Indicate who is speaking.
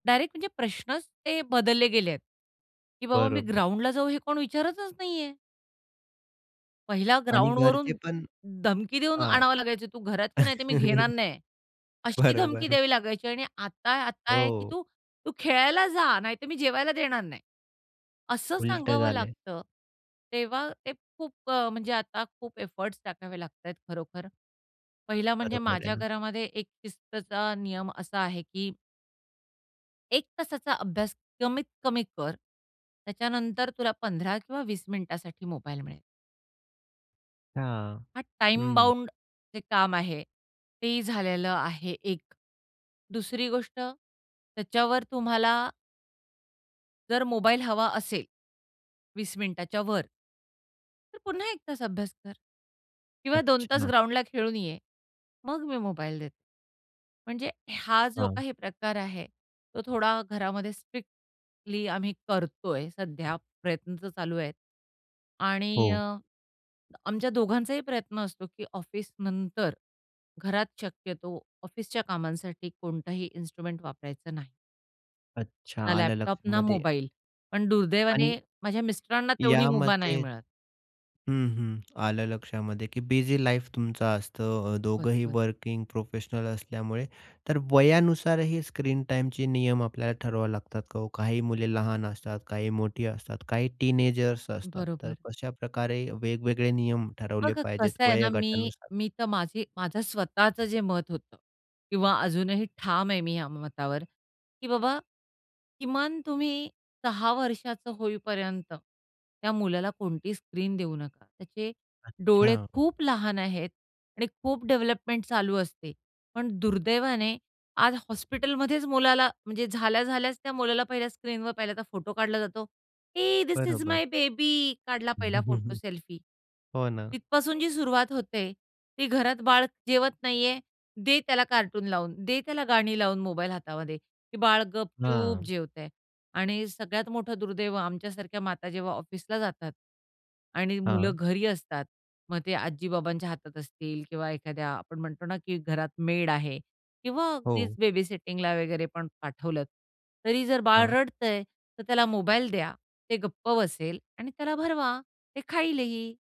Speaker 1: Direct म्हणजे प्रश्नच ते बदलले गेलेत. की बाबा मी
Speaker 2: बरोबर.
Speaker 1: ग्राउंडला जाऊ हे कोण विचारतच नाहीये! पहिल्या
Speaker 2: आणि घरचे
Speaker 1: ग्राउंडवरून
Speaker 2: पण
Speaker 1: धमकी देऊन
Speaker 2: हां.
Speaker 1: आणावं लागायचं, "तू घरात ये, नाहीतर मी घेणार नाही." अशी धमकी
Speaker 2: बरोबर.
Speaker 1: द्यावी लागायची आणि आता आता आहे की
Speaker 2: हो.
Speaker 1: "तू तू खेळायला जा नाहीतर मी जेवायला देणार नाही." असं
Speaker 2: उलटं
Speaker 1: सांगावं
Speaker 2: झालय.
Speaker 1: लागतं. तेव्हा ते खूप अ, म्हणजे आता खूप एफोर्ट्स टाकावे लागतायत खरोखर. पहिला म्हणजे
Speaker 2: बरोबर आहे
Speaker 1: माझ्या
Speaker 2: ना.
Speaker 1: घरामध्ये एक शिस्तचा नियम असा आहे की 1 तासाचा अभ्यास कमीत कमी कर. त्याच्यानंतर तुला 15 किंवा 20 मिनिटासाठी मोबाईल मिळेल.
Speaker 2: हां.
Speaker 1: हा टाईम
Speaker 2: हं.
Speaker 1: बाउंड जे काम आहे तेही झालेलं आहे एक. दुसरी गोष्ट त्याच्यावर तुम्हाला जर मोबाईल हवा असेल, 20 मिनिटाच्या वर "तर पुन्हा 1 तास अभ्यास कर. किंवा 2 तास
Speaker 2: अच्छा.
Speaker 1: ग्राउंडला खेळून ये. मग मी मोबाईल देते." म्हणजे हा जो
Speaker 2: हां.
Speaker 1: काही प्रकार आहे, तो थोडा घरामध्ये स्ट्रिक्टली आम्ही करतोय सध्या प्रयत्न तर चालू आहेत आणि अ,
Speaker 2: हो.
Speaker 1: आमच्या दोघांचाही प्रयत्न असतो, की ऑफिसनंतर घरात शक्यतो ऑफिसच्या कामांसाठी कोणताही इन्स्ट्रुमेंट वापरायचं नाही.
Speaker 2: अच्छा.
Speaker 1: ना
Speaker 2: आलं
Speaker 1: लॅपटॉप, ना
Speaker 2: लक्षामध्ये.
Speaker 1: मोबाईल. पण दुर्दैवाने
Speaker 2: आणि
Speaker 1: माझ्या मिस्टरांना तेवढी
Speaker 2: या
Speaker 1: मुभा नाही
Speaker 2: मते
Speaker 1: मिळत.
Speaker 2: हं, हं. आलं लक्षामध्ये की बिझी लाईफ तुमचं असतं अ, दोघंही
Speaker 1: बरोबर.
Speaker 2: वर्किंग प्रोफेशनल असल्यामुळे, तर वयानुसार ही स्क्रीन टाईमचे नियम आपल्याला ठरवावे लागतात का ओ? काही मुले लहान असतात, काही मोठी असतात, काही टीनेजर्स असतात, तर
Speaker 1: बरोबर.
Speaker 2: कशाप्रकारे वेगवेगळे नियम ठरवले
Speaker 1: बघा
Speaker 2: पाहिजेत
Speaker 1: कसं आहे ना मी
Speaker 2: वयोगटानुसार?
Speaker 1: मी तर माझी माझं स्वतःच जे मत होतं किंवा अजूनही ठाम आहे मी या मतावर, की बाबा किमान तुम्ही 6 वर्षाचं होईपर्यंत, त्या मुलाला कोणती स्क्रीन देऊ नका. त्याचे डोळे
Speaker 2: अच्छा.
Speaker 1: खूप लहान आहेत आणि खूप डेव्हलपमेंट चालू असते, पण दुर्दैवाने आज हॉस्पिटलमध्येच मुलाला म्हणजे झाल्या-झाल्याच त्या मुलाला पहिल्या स्क्रीनवर पाहिला तर फोटो काढला जातो, "हे धिस इस
Speaker 2: बरोबर.
Speaker 1: माय बेबी," काढला पहिला फोटो सेल्फी.
Speaker 2: हो ना.
Speaker 1: तिथपासून जी सुरुवात होते, ती घरात बाळ जेवत नाहीये, दे त्याला कार्टून लावून, दे त्याला गाणी लावून मोबाईल हातामध्ये. ते बाळ गपचूप
Speaker 2: हां.
Speaker 1: जेवतय. आणि सगळ्यात मोठं दुर्दैव आमच्यासारख्या माता जेव्हा ऑफिसला जातात आणि मुलं
Speaker 2: हां.
Speaker 1: घरी असतात, मग ते आजी-बाबांच्या हातात असतील किंवा एखाद्या आपण म्हणतो ना की घरात मेड आहे किंवा अगदीच
Speaker 2: हो.
Speaker 1: बेबीसिटिंगला वगैरे पण पाठवलंत, तरी जर बाळ
Speaker 2: हां.
Speaker 1: रडतय, तर त्याला मोबाईल द्या ते गप्प बसेल आणि त्याला भरवा. ते खाईलही.